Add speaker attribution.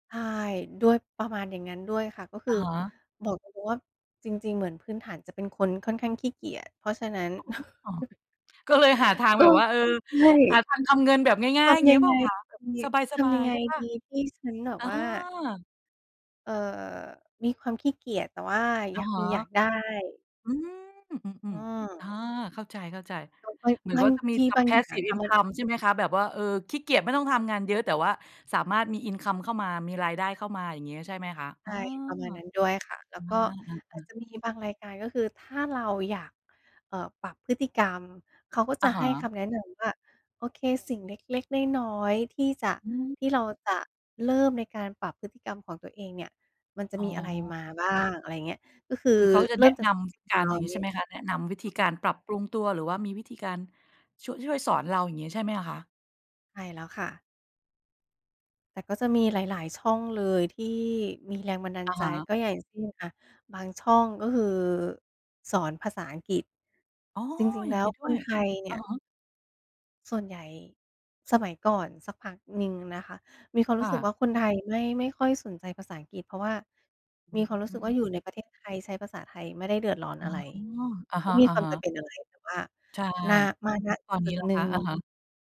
Speaker 1: ใช่ ด้วยประมาณอย่างนั้นด้วยค่ะ ก็ค
Speaker 2: อ
Speaker 1: ือ
Speaker 2: ะฮะ
Speaker 1: บอกตรง ๆ ว่า จริง ๆ เหมือนพื้นฐาน จะเป็นคนค่อนข้างขี้เกียจ เพราะฉะนั้น
Speaker 2: อ๋อ ก็เลยหาทาง
Speaker 1: ก
Speaker 2: แ
Speaker 1: ็
Speaker 2: บบว่า เออ
Speaker 1: ใช่
Speaker 2: หาทางทำเงินแบบง่
Speaker 1: ท
Speaker 2: าย ๆ
Speaker 1: ำย
Speaker 2: งี
Speaker 1: ั
Speaker 2: ้
Speaker 1: ง
Speaker 2: เปล
Speaker 1: ไ
Speaker 2: ่
Speaker 1: ง
Speaker 2: าคะ แบบ
Speaker 1: ทำยั
Speaker 2: ส
Speaker 1: ง
Speaker 2: บ
Speaker 1: ท
Speaker 2: า
Speaker 1: ำยั
Speaker 2: ย
Speaker 1: งไ
Speaker 2: ๆ
Speaker 1: ง
Speaker 2: ใช่เปล่
Speaker 1: ด
Speaker 2: า?
Speaker 1: ี ที่ฉันแบบ
Speaker 2: อา
Speaker 1: ว่า เอ่อ มีความขี้เกียจ แต่ว่า
Speaker 2: อ
Speaker 1: อ
Speaker 2: ะ
Speaker 1: ยาก
Speaker 2: ฮ
Speaker 1: มี
Speaker 2: ะ
Speaker 1: อยากได้
Speaker 2: อืม อื
Speaker 1: อ
Speaker 2: ม ๆ อา
Speaker 1: า
Speaker 2: เข้าใจ
Speaker 1: อุ๊ย
Speaker 2: ๆ เหมือน
Speaker 1: บ
Speaker 2: กั
Speaker 1: า
Speaker 2: บ
Speaker 1: ง
Speaker 2: ว่าจะมี
Speaker 1: ที
Speaker 2: ท
Speaker 1: บา
Speaker 2: ำ
Speaker 1: งอย่างอะ
Speaker 2: Passive
Speaker 1: ค่ะ มัน
Speaker 2: income ใช่ไหมคะ แบบว่า เออ ขี้เกียจไม่ต้องทำงานเยอะ แต่ว่าสามารถมี Income เข้ามา มีรายได้เข้ามา อย่างเงี้ยใช่ไหมคะ?
Speaker 1: ใ
Speaker 2: เ
Speaker 1: ช
Speaker 2: ออ
Speaker 1: ่ ประมาณนั้นด้วยค่ะ แล้
Speaker 2: อ
Speaker 1: วก็
Speaker 2: า อ
Speaker 1: อาจ
Speaker 2: า ๆ
Speaker 1: จะมีบางรายการ ก็คือถ้าเราอยาก เอ่อ ปรับพฤติกรรม เขาก็
Speaker 2: อ
Speaker 1: จ
Speaker 2: ะ
Speaker 1: ะ
Speaker 2: ฮ
Speaker 1: ให้
Speaker 2: ะ
Speaker 1: คำแนะนำว่า โอเค สิ่งเล็ก ๆ น้อย ๆ ที่จะ
Speaker 2: อืม
Speaker 1: ที่เราจะเริ่มในการปรับพฤติกรรมของตัวเองเนี่ย มันจะ
Speaker 2: อ๋
Speaker 1: ม
Speaker 2: อ
Speaker 1: ีอะไรมาบ้าง อะไรอย่างเงี้ย ก็คื
Speaker 2: ค
Speaker 1: อ
Speaker 2: ือเขาจะ
Speaker 1: เร
Speaker 2: แ
Speaker 1: ิ
Speaker 2: น
Speaker 1: ่
Speaker 2: ะ
Speaker 1: มจา
Speaker 2: น
Speaker 1: กส
Speaker 2: ำ
Speaker 1: ิ่ง
Speaker 2: ก
Speaker 1: น
Speaker 2: า
Speaker 1: ้อ
Speaker 2: ร อย่างงี้
Speaker 1: ย
Speaker 2: ใช่ไหมคะ แนะนำวิธีการปรับปรุงตัว หรือว่ามีวิธีการช่วย ช่วยสอนเรา อย่างงี้ใช่ไหมอะคะ?
Speaker 1: ใช่แล้วค่ะ แต่ก็จะมีหลาย ๆ ช่องเลย ที่มีแรงบันดา
Speaker 2: อ
Speaker 1: ล
Speaker 2: ะ
Speaker 1: ใจ
Speaker 2: ฮะ
Speaker 1: ก็อย่างเช่นอะ บางช่อง ก็คือสอนภาษาอังกฤษ
Speaker 2: อ๋อ
Speaker 1: จริง
Speaker 2: อ
Speaker 1: ๆ
Speaker 2: ย่
Speaker 1: แล
Speaker 2: า
Speaker 1: ้
Speaker 2: งนี
Speaker 1: ว
Speaker 2: ้ด้
Speaker 1: ค
Speaker 2: ว
Speaker 1: น
Speaker 2: ย
Speaker 1: ไทยเน
Speaker 2: อ
Speaker 1: ี่
Speaker 2: ะ
Speaker 1: ย
Speaker 2: ฮะ
Speaker 1: ส่วนใหญ่ สมัยก่อนสักพักหนึ่งนะคะ มีความ
Speaker 2: ค
Speaker 1: รู
Speaker 2: ่
Speaker 1: ้สึกว่
Speaker 2: ะ
Speaker 1: าคนไทยไม่ ไม่ค่อยสนใจภาษาอังกฤษ เพราะว่า
Speaker 2: อื
Speaker 1: มีความรู้สึกว่า อย
Speaker 2: ม
Speaker 1: ู่ในประเทศไทยใช้ภาษาไทยไม่ได้เดือดร้อน
Speaker 2: อ๋อ
Speaker 1: อะไร
Speaker 2: อะ
Speaker 1: ไม
Speaker 2: ฮ
Speaker 1: ่มีความ
Speaker 2: ะ
Speaker 1: จำ
Speaker 2: ๆ
Speaker 1: เป็นอะไร แต่ว่า
Speaker 2: ใช่
Speaker 1: นา มา ณ
Speaker 2: ตอน
Speaker 1: จ
Speaker 2: น
Speaker 1: ุ
Speaker 2: ี้
Speaker 1: ด
Speaker 2: ล่
Speaker 1: ๆ
Speaker 2: ะ
Speaker 1: หนึ
Speaker 2: ค
Speaker 1: ่
Speaker 2: ะ อะ
Speaker 1: ง
Speaker 2: ฮะ